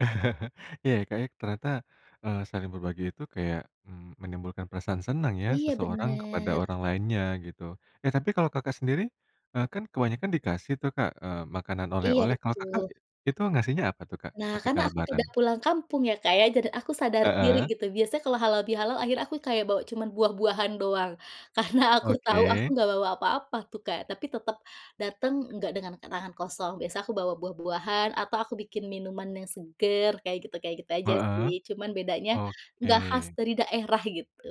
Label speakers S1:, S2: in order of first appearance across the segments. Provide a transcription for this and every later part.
S1: Iya Kak ya ternyata, eee, saling berbagi itu kayak, mmm, menimbulkan perasaan senang ya
S2: Iya
S1: seseorang kepada
S2: bener.
S1: orang lainnya gitu. Eh tapi kalau Kakak sendiri, eee, kan kebanyakan dikasih tuh Kak, eee, makanan
S2: Iya
S1: oleh-oleh, kalau Kakak
S2: betul.
S1: itu ngasihnya apa tuh Kak
S2: Nah,
S1: ketika
S2: karena aku
S1: lebaran?
S2: tidak pulang kampung ya Kak ya, dan aku sadar diri
S1: Heeh.
S2: gitu biasanya kalau halalbihalal akhirnya aku kayak bawa cuman buah buahan doang. Karena aku tahu aku
S1: Oke.
S2: nggak bawa apa-apa tuh Kak, tapi tetep dateng enggak dengan tangan kosong, biasa aku bawa buah buahan atau aku bikin minuman yang seger kayak gitu kayak gitu aja sih,
S1: Heeh.
S2: cuman bedanya enggak khas
S1: Oke.
S2: dari daerah, gitu.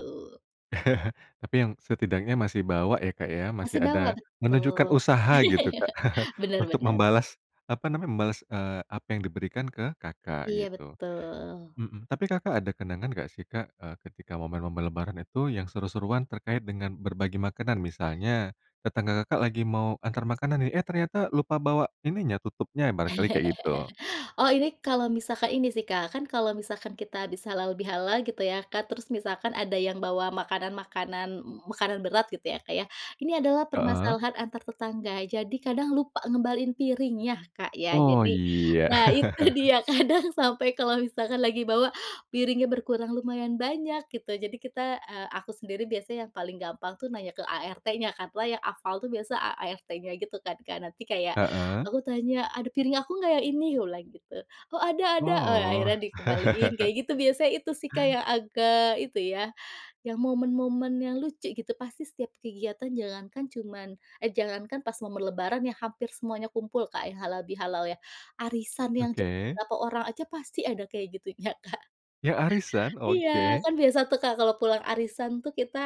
S1: Tapi yang setidaknya masih bawa ya Kak ya, masih
S2: Masih bawa
S1: ada menunjukkan
S2: betul.
S1: usaha gitu Kak
S2: Bener
S1: untuk
S2: bener.
S1: membalas, apa namanya, membalas, eee, apa yang diberikan ke Kakak
S2: Iya,
S1: gitu.
S2: betul.
S1: Mhm, tapi Kakak ada kenangan nggak sih Kak, eee, ketika momen-momen lebaran itu yang seru-seruan terkait dengan berbagi makanan? Misalnya, tetangga Kakak lagi mau antar makanan nih, eh ternyata lupa bawa ininya tutupnya barangkali kayak gitu.
S2: Oh ini kalau misalkan ini sih Kak, kan kalau misalkan kita habis halalbihalal gitu ya Kak, terus misalkan ada yang bawa makanan-makanan m makanan berat gitu ya Kak ya, ini adalah
S1: Heeh.
S2: permasalahan antar tetangga. Jadi kadang lupa ngembaliin piringnya Kak ya
S1: Oh
S2: jadi,
S1: iya.
S2: nah itu dia kadang sampai kalau misalkan lagi bawa piringnya berkurang lumayan banyak gitu, jadi kita, eee, aku sendiri biasanya yang paling gampang tuh nanya ke ART-nya, karena yang hafal tuh biasa ART-nya gitu kan, Kak. Nanti kayak
S1: Heeh.
S2: aku tanya, "Ada piring aku nggak yang ini?" Aku bilang gitu, "Oh ada ada." Nah
S1: Oh.
S2: akhirnya dikembaliin kayak gitu biasa, itu sih Kak yang agak itu ya, yang momen-momen yang lucu gitu. Pasti setiap kegiatan jangankan cuman eh jangankan pas momen lebaran ya hampir semuanya kumpul Kak ya halalbihalal ya. Arisan yang cuma
S1: Oke.
S2: beberapa orang aja pasti ada kayak gitunya Kak.
S1: Ya arisan,
S2: Iya,
S1: oke.
S2: kan biasa tuh Kak kalau pulang arisan tuh kita,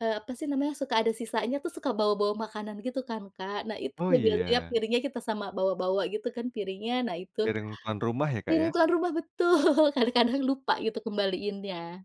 S2: eee, apa sih namanya, suka ada sisanya tuh suka bawa-bawa makanan gitu kan Kak, nah itu
S1: Oh,
S2: tuh biasanya
S1: iya.
S2: piringnya kita sama bawa-bawa gitu kan piringnya. Nah itu
S1: Piring tuan rumah ya Kak
S2: mirip
S1: ya?
S2: tuan rumah betul, kadang-kadang lupa gitu kembaliinnya.